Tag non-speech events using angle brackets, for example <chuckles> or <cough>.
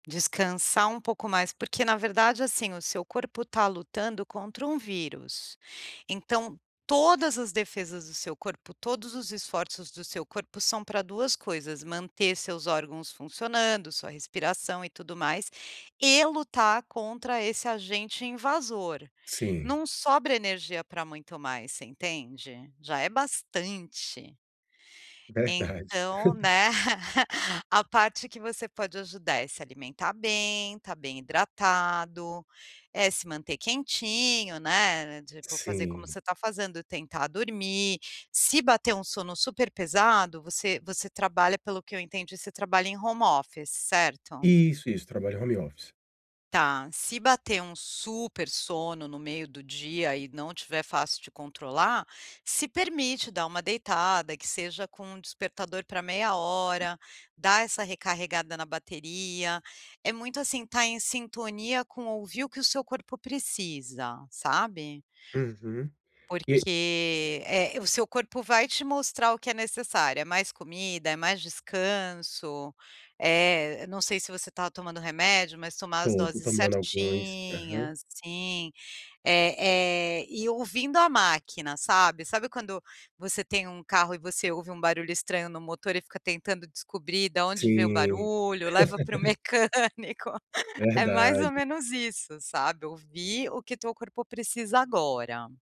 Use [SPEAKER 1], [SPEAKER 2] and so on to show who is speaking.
[SPEAKER 1] Descansar um pouco mais, porque na verdade, assim, o seu corpo tá lutando contra um vírus. Então, todas as defesas do seu corpo, todos os esforços do seu corpo são pra 2 coisas: manter seus órgãos funcionando, sua respiração e tudo mais, e lutar contra esse agente invasor.
[SPEAKER 2] Sim.
[SPEAKER 1] Não sobra energia pra muito mais, você entende? Já é bastante.
[SPEAKER 2] Verdade.
[SPEAKER 1] Então,
[SPEAKER 2] <chuckles>
[SPEAKER 1] né, <chuckles> a parte que você pode ajudar é se alimentar bem, estar bem hidratado, é se manter quentinho, né, tipo, fazer como
[SPEAKER 2] Sim.
[SPEAKER 1] você tá fazendo, tentar dormir, se bater um sono super pesado você você trabalha pelo que eu entendi você trabalha em home office, certo?
[SPEAKER 2] Isso, isso, trabalho em home office.
[SPEAKER 1] Tá, se bater um super sono no meio do dia e não tiver fácil de controlar, se permite dar uma deitada, que seja com um despertador pra 30min, dá essa recarregada na bateria, é muito, assim, estar em sintonia com ouvir o que o seu corpo precisa, sabe?
[SPEAKER 2] Uhum. E
[SPEAKER 1] Porque é, o seu corpo vai te mostrar o que é necessário, é mais comida, é mais descanso, é não sei se você tá tomando remédio, mas tomar as
[SPEAKER 2] Estou, estou
[SPEAKER 1] doses
[SPEAKER 2] tomando alguns aham.
[SPEAKER 1] certinhas sim, eh eh, e ouvindo a máquina, sabe? Sabe quando você tem um carro e você ouve um barulho estranho no motor e fica tentando descobrir da onde vem o
[SPEAKER 2] Sim.
[SPEAKER 1] barulho, leva para o
[SPEAKER 2] <laughs>
[SPEAKER 1] mecânico. É mais ou
[SPEAKER 2] Verdade.
[SPEAKER 1] menos isso, sabe? Ouvir o que o teu corpo precisa agora.